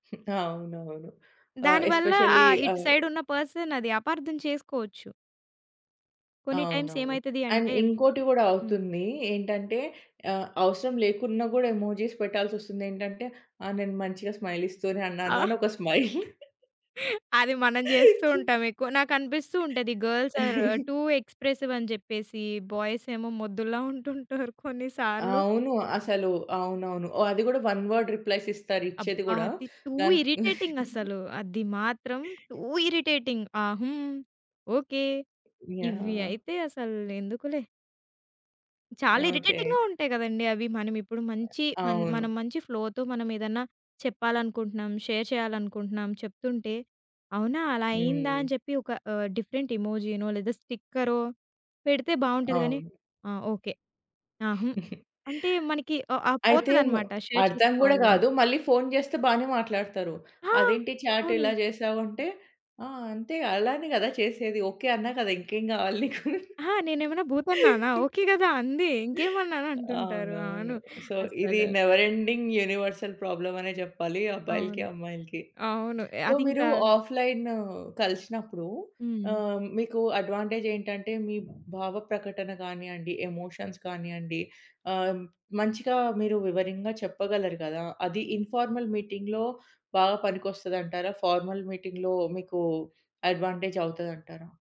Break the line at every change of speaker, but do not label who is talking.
అవునవును. ఆహ్,
దాని వల్ల
ఎస్పెషల్లీ
ఆహ్, ఇటు
ఆహ్
సైడ్ ఉన్న పర్సన్ అది అపార్థం చేసుకోవచ్చు. కొన్ని టైమ్స్
అవునవును.
ఏమైతది
అండ్
అంటే
ఇంకోటి గూడా
హ్మ్.
అవుతుంది. ఏంటంటే ఆహ్, అవసరం లేకున్నా గూడా ఎమోజీస్ పెట్టాల్సొస్తుంది. ఏంటంటే, ఆ! నేను మంచిగా స్మైల్ ఇస్తూనే అన్నాను,
ఆ!
అనొక స్మైల్.
అది మనం జేస్తూ ఉంటాం ఎక్కువ. నాకు అనిపిస్తూ ఉంటది గర్ల్స్ ఆర్ టూ ఎక్స్‌ప్రెసివ్ అని జెప్పేసి, బాయ్స్ ఏమో మొద్దుల్లా ఉంటుంటారు కొన్ని సార్లు.
అవును. అసలు అవునవును. ఓ అది గూడా వన్ వర్డ్ రిప్లైస్ ఇస్తారు, ఇచ్చేది
అబ్బా!
గూడా.
అది టూ
గన్
ఇరిటేటింగ్ అసలు. అది మాత్రం టూ ఇరిటేటింగ్. ఆహ్, హ్మ్. ఓకె. ఇవి
యాహ్!
అయితే అసలు ఎందుకులే. చాలా
ఓకే.
ఇరిటేటింగ్‌గా ఉంటాయి కదండీ అవి. మనం ఇప్పుడు
అ
మంచి మన
అవును.
మనం మంచి ఫ్లోతో మనం ఏదన్నా చెప్పాలనుకుంటున్నాం, షేర్ చేయాలనుకుంటున్నాం, చెప్తుంటే, అవునా! అలా అయ్యిందా! అని
హ్మ్.
చెప్పి ఒక ఆహ్, డిఫరెంట్ ఎమోజీనో లేదా స్టిక్కరో పెడితే బాగుంటది గానీ,
అవును.
ఆ! ఓకే. ఆ! హ్మ్. అంటే మనకి ఆహ్, ఆహ్,
అయితే మ్
పోతదన్నమాట షేర్
అర్థం గూడా
చేసుకోవాలి అని.
గాదు. మళ్ళీ ఫోను జేస్తే బానే మాట్లాడతారు.
ఆ!
అదేంటి చాట్ ఇలా
అవును.
జేశావు? అంటే, "ఆ! అంతే. గ అలానే గదా! చేసేది. ఓకె, అన్నా కదా!" ఇంకేం గావాలి నీకు.
ఆహా! నేనేమన్నా భూతన్నానా, ఓకే కదా! అంది. ఇంకేమన్నాను అంటుంటారు.
అవునవును.
అవును.
సో, ఇది
అస్సలు.
నెవర్ ఎండింగ్ యూనివర్సల్ ప్రాబ్లమ్ అనే జెప్పాలి అబ్బాయిలకి,
అవును.
అమ్మాయిలకి.
అవును.
సో, మీరు
అదింకా
ఆఫ్‌లైనూ కలిసినప్పుడు
హ్మ్.
ఆహ్, మీకు అడ్వాంటేజ్ ఏంటంటే, మీ భావ ప్రకటన కానియండి, ఎమోషన్స్ కానియండి, ఆహ్, మంచిగా మీరు వివరంగా చెప్పగలరు గదా! అది ఇన్‌ఫార్మల్ మీటింగ్‌లో బాగా పనికొస్తదంటారా? ఫార్మల్ మీటింగ్‌లో మీకు అడ్వాంటేజ్ అవుతదంటారా?